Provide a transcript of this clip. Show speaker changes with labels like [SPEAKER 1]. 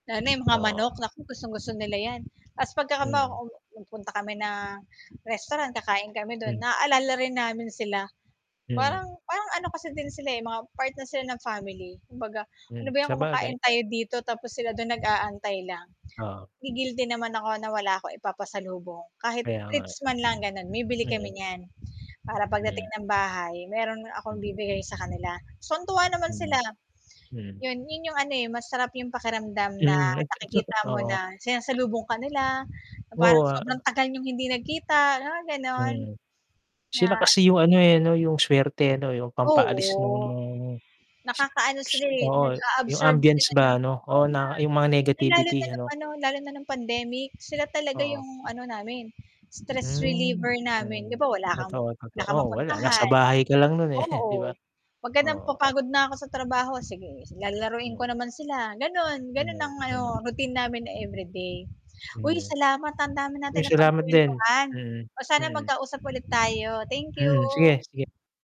[SPEAKER 1] Lalo na yung mga
[SPEAKER 2] Oo.
[SPEAKER 1] manok, naku, gustong-gusto nila yan. Tas pagkakama
[SPEAKER 2] Mm.
[SPEAKER 1] um, hmm, punta kami ng restaurant, kakain kami do'n,
[SPEAKER 2] Hmm.
[SPEAKER 1] naalala rin namin sila.
[SPEAKER 2] Mm.
[SPEAKER 1] Parang parang ano kasi din sila, eh, mga part na sila ng family, kumbaga, "Ano
[SPEAKER 2] Hmm,
[SPEAKER 1] ba yan
[SPEAKER 2] sabagay.
[SPEAKER 1] kumakain tayo dito, tapos sila do'n nag-aantay lang".
[SPEAKER 2] Oo.
[SPEAKER 1] Nagi-guilty naman ako, na wala akong ipapasalubong, kahit
[SPEAKER 2] Kaya nga eh.
[SPEAKER 1] treats man lang, gano'n, bibili kami
[SPEAKER 2] Mm.
[SPEAKER 1] niyan, para pagdating
[SPEAKER 2] Hmm.
[SPEAKER 1] ng bahay, meron
[SPEAKER 2] Hmm.
[SPEAKER 1] akong ibibigay sa kanila. Tuwan-tuwa naman sila,
[SPEAKER 2] Hmm, hmm.
[SPEAKER 1] 'yon, 'yon yung ano, eh, masarap yung pakiramdam na,
[SPEAKER 2] Hmm, at tsa at tsaka
[SPEAKER 1] nakikita mo
[SPEAKER 2] oo.
[SPEAKER 1] na sinasalubong ka nila, na parang
[SPEAKER 2] Oo, a-a
[SPEAKER 1] sobrang tagal niyong hindi nagkita, mga gano'n.
[SPEAKER 2] Hmm.
[SPEAKER 1] Nga
[SPEAKER 2] Sila
[SPEAKER 1] an
[SPEAKER 2] kasi yung ano, eh, 'no, yung swerte, eh, 'no, yung pampaalis no'ng
[SPEAKER 1] Oo.
[SPEAKER 2] no'ng, s
[SPEAKER 1] Nakakaano
[SPEAKER 2] s
[SPEAKER 1] sila, eh,
[SPEAKER 2] oo, yung
[SPEAKER 1] nag-a-absorb
[SPEAKER 2] ambience
[SPEAKER 1] sila ng
[SPEAKER 2] ba, 'no,
[SPEAKER 1] oo,
[SPEAKER 2] oo, na yung mga
[SPEAKER 1] na no'ng, lalo na
[SPEAKER 2] negativity
[SPEAKER 1] no'ng
[SPEAKER 2] ano.
[SPEAKER 1] ano, lalo na no'ng pandemic, sila talaga
[SPEAKER 2] Oo.
[SPEAKER 1] yung ano namin, stress
[SPEAKER 2] Hmm.
[SPEAKER 1] reliever namin. 'Di
[SPEAKER 2] Hmm,
[SPEAKER 1] ba, wala kang
[SPEAKER 2] totoo,
[SPEAKER 1] wala
[SPEAKER 2] totoo.
[SPEAKER 1] kang
[SPEAKER 2] Wala, nasa
[SPEAKER 1] mapuntahan,
[SPEAKER 2] bahay ka lang no'n, eh, di ba?
[SPEAKER 1] oo, pagka nam
[SPEAKER 2] Oo.
[SPEAKER 1] napapagod na ako sa trabaho, sige, lalaruin ko
[SPEAKER 2] Hmm.
[SPEAKER 1] naman sila, gano'n,
[SPEAKER 2] Ano
[SPEAKER 1] gano'n
[SPEAKER 2] yan,
[SPEAKER 1] ang
[SPEAKER 2] ano?
[SPEAKER 1] ano, routine namin na
[SPEAKER 2] Hmm,
[SPEAKER 1] everyday.
[SPEAKER 2] ano
[SPEAKER 1] Uy!
[SPEAKER 2] yan?
[SPEAKER 1] Salamat, ah, ang dami
[SPEAKER 2] Uy,
[SPEAKER 1] natin
[SPEAKER 2] salamat din,
[SPEAKER 1] napagkuwentuhan,
[SPEAKER 2] mm,
[SPEAKER 1] oh, sana
[SPEAKER 2] mm.
[SPEAKER 1] magkausap ulit tayo. Thank
[SPEAKER 2] Hmm,
[SPEAKER 1] you
[SPEAKER 2] sige, sige.